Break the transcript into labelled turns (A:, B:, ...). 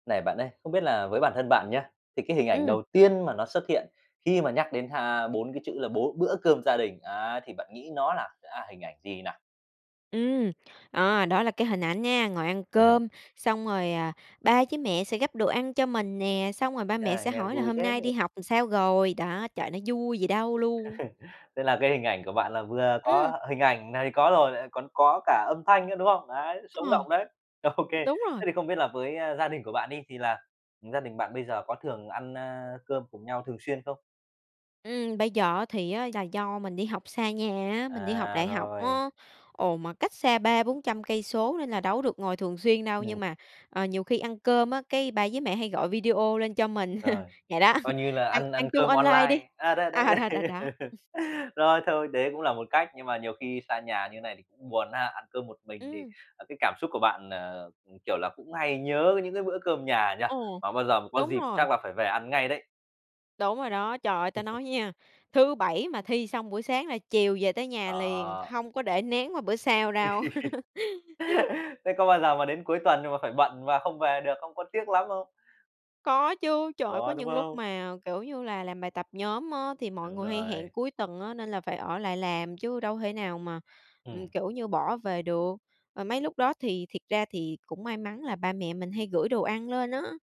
A: Này bạn ơi, không biết là với bản thân bạn nhá, thì cái hình ảnh
B: Ừm.
A: đầu tiên mà nó xuất hiện khi mà nhắc đến ha 4 cái chữ là, bố "bữa cơm gia đình" ấy, thì bạn nghĩ nó là, à, hình ảnh gì nào?
B: Ừm, ờ, đó là cái hình ảnh nha, ngồi ăn cơm, xong rồi, ờ, ba với mẹ sẽ gắp đồ ăn cho mình nè, xong rồi ba mẹ
A: À,
B: sẽ
A: nghe
B: hỏi là
A: vui
B: "Hôm nay đi
A: thế!
B: học sao rồi?" Đó, trời, nó vui gì đâu luôn!
A: Thế là cái hình ảnh của bạn là vừa
B: Ừm.
A: có hình ảnh này có rồi, lại còn có cả âm thanh nữa, đúng không? Đấy, sống
B: Ờ.
A: động đấy. Ô kê,
B: Đúng rồi.
A: thế thì không biết là với, ơ, gia đình của bạn đi, thì là gia đình bạn bây giờ có thường ăn, a, cơm cùng nhau thường xuyên không?
B: Ừm, bây giờ á thì á, là do mình đi học xa nhà á, mình đi học
A: À,
B: đại học
A: rồi.
B: á, ồ, mà cách xa 3-400 cây số nên là đâu có được ngồi thường xuyên đâu, nhưng
A: Ừm.
B: mà, ờ, nhiều khi ăn cơm á, cái ba với mẹ hay gọi video lên cho mình,
A: Rồi,
B: vậy đó.
A: coi như là
B: Ăn
A: ăn ăn
B: ăn chung
A: cơm
B: online đi,
A: online, à, đấy, đấy.
B: à, đó, đó, đó.
A: Rồi thôi, đấy cũng là một cách, nhưng mà nhiều khi xa nhà như thế này thì cũng buồn ha, ăn cơm một mình thì,
B: Ừm.
A: ờ, cái cảm xúc của bạn, ờ, ừm, kiểu là cũng hay nhớ những cái bữa cơm nhà nhỉ?
B: Ồ.
A: Mà bao giờ mà có
B: Đúng
A: dịp
B: rồi.
A: chắc là phải về ăn ngay đấy.
B: Đúng rồi đó. Trời ơi, ta nói nha, thứ Bảy mà thi xong buổi sáng là chiều về tới nhà liền,
A: Ờ.
B: hông có để nén qua bữa sau đâu.
A: Thế có bao giờ mà đến cuối tuần nhưng mà phải bận và không về được không, có tiếc lắm không?
B: Có chứ. Trời ơi, có
A: Có, đúng
B: những lúc
A: không?
B: mà, kiểu như là, làm bài tập nhóm á thì mọi
A: Đúng
B: người hay hẹn
A: rồi.
B: cuối tuần á, nên là phải ở lại làm chứ đâu thể nào mà, ừm,
A: Ừm.
B: kiểu như, bỏ về được, ờ, mấy lúc đó thì thiệt ra thì cũng may mắn là ba mẹ mình hay gửi đồ ăn lên á.